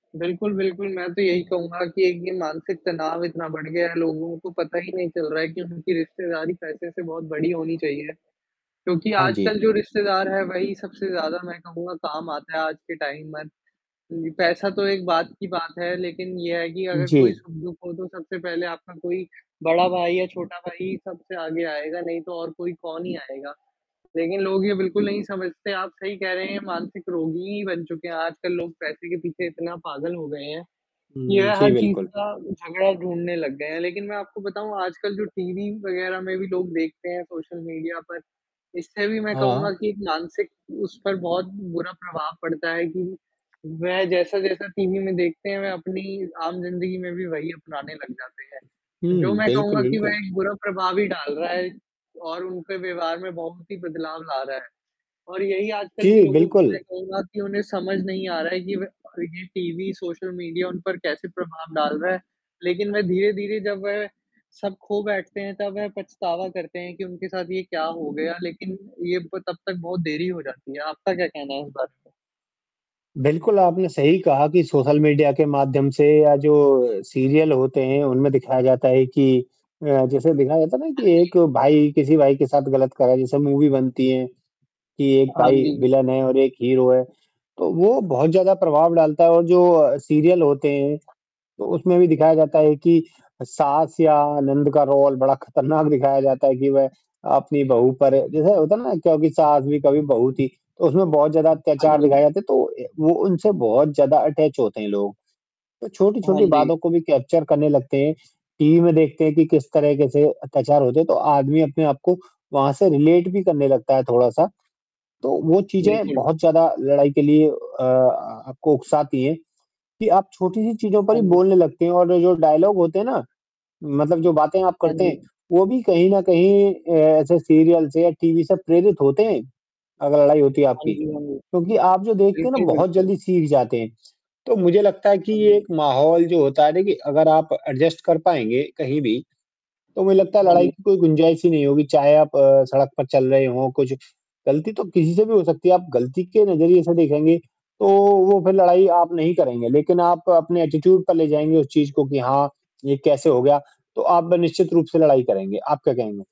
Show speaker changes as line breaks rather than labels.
बिल्कुल, बिल्कुल, मैं तो यही कहूँगा कि एक ये मानसिक तनाव इतना बढ़ गया है लोगों को पता ही नहीं चल रहा है कि उनकी रिश्तेदारी पैसे से बहुत बड़ी होनी चाहिए, क्योंकि
अ, जी।
आजकल जो रिश्तेदार है वही सबसे ज़्यादा मैं कहूँगा काम आता हैं आज के टाइम में जी, पैसा तो एक बाद की बात है, लेकिन ये है कि अगर कोई
जी।
सुख-दुख हो तो सबसे पहले आपका कोई बड़ा भाई या छोटा भाई ही सबसे आगे आएगा, नहीं तो और कोई कौन ही आएगा, लेकिन लोग ये बिल्कुल नहीं समझते आप सही कह रहे हैं मानसिक रोगी ही बन चुके हैं आजकल लोग पैसे के पीछे इतना पागल हो गए हैं,
उम,
ये
जी,
हर चीज़
बिल्कुल।
का झगड़ा ढूँढने लग गए हैं लेकिन मैं आपको बताऊँ आजकल जो टीवी वग़ैरह में भी लोग देखते हैं सोशल मीडिया पर, इससे भी मैं कहूँगा
हाँ।
कि एक मानसिक उस पर बहुत बुरा प्रभाव पड़ता है कि वह जैसा-जैसा टीवी में देखते हैं, वह अपनी आम ज़िंदगी में भी वही अपनाने लग जाते हैं, जो
हुँ,
मैं
बिल्कुल,
कहूँगा कि
बिल्कुल।
वह एक बुरा प्रभाव भी डाल रहा है और उनके व्यवहार में बहुत ही बदलाव ला रहा है और यही आजकल के
जी,
लोगों की
बिल्कुल।
मैं कहूँगा कि उन्हें समझ नहीं आ रहा है कि वह और ये टीवी सोशल मीडिया उन पर कैसे प्रभाव डाल रहा है लेकिन वह धीरे-धीरे जब वह सब खो बैठते हैं, तब वह पछतावा करते हैं कि उनके साथ ये क्या हो गया लेकिन, ये वो तब तक बहुत देरी ही हो जाती है, आपका क्या कहना है इस बारे में?
बिल्कुल, आपने सही कहा कि सोशल मीडिया के माध्यम से या जो सीरियल होते हैं, उनमें दिखाया जाता है कि अ, जैसे दिखाया जाता है ना
हाँ
कि
जी।
एक भाई किसी भाई के साथ ग़लत करा जैसे मूवी बनती हैं कि एक
हाँ,
भाई
जी।
विलन है और एक हीरो है, तो वो बहुत ज़्यादा प्रभाव डालता है और जो सीरियल होते हैं, तो उसमें भी दिखाया जाता है कि सास या नंद का रोल बड़ा खतरनाक दिखाया जाता है कि वह अपनी बहू पर जैसे होता है ना क्योंकि सास भी कभी बहू थी तो उसमें बहुत ज़्यादा
हाँ,
अत्याचार दिखाया
जी।
जाते तो अ, वो उनसे बहुत ज़्यादा अटैच होते हैं, लोग तो
हाँ,
छोटी-छोटी
जी।
बातों को भी कैप्चर करने लगते हैं, टीवी में देखते हैं कि किस तरह के से अत्याचार होते हैं तो आदमी अपने आप को वहाँ से रिलेट भी करने लगता है थोड़ा-सा तो वो चीज़ें
बिल्कुल।
बहुत ज़्यादा लड़ाई के लिए अ अ, आपको उकसाती हैं कि आप छोटी-सी चीज़ों पर
हाँ
ही
जी।
बोलने लगते हैं और जो डायलॉग होते हैं ना, मतलब जो बातें आप
हाँ
करते हैं,
जी।
वो भी कहीं न कहीं अ, ऐसे सीरियल से या टीवी से प्रेरित होते हैं, अगर लड़ाई होती है
हाँ
आपकी,
जी, हाँ जी,
क्योंकि आप जो देखते हैं ना
बिल्कुल,
बहुत
बिल्कुल।
जल्दी सीख जाते हैं, तो मुझे लगता है कि
हाँ
ये
जी।
एक माहौल जो होता है ना कि अगर आप एडजस्ट कर पाएँगे कहीं भी, तो मुझे लगता है
हाँ
लड़ाई
जी।
की कोई गुंजाइश ही नहीं होगी चाहे आप अ, सड़क पर चल रहे हों कुछ गलती तो किसी से भी हो सकती है आप गलती के नज़रिए से देखेंगे, तो वो फिर लड़ाई आप नहीं करेंगे, लेकिन आप अपने एटीट्यूड पर ले जाएँगे उस चीज़ को कि हाँ, ये कैसे हो गया तो आप निश्चित रूप से लड़ाई करेंगे, आप क्या कहेंगे?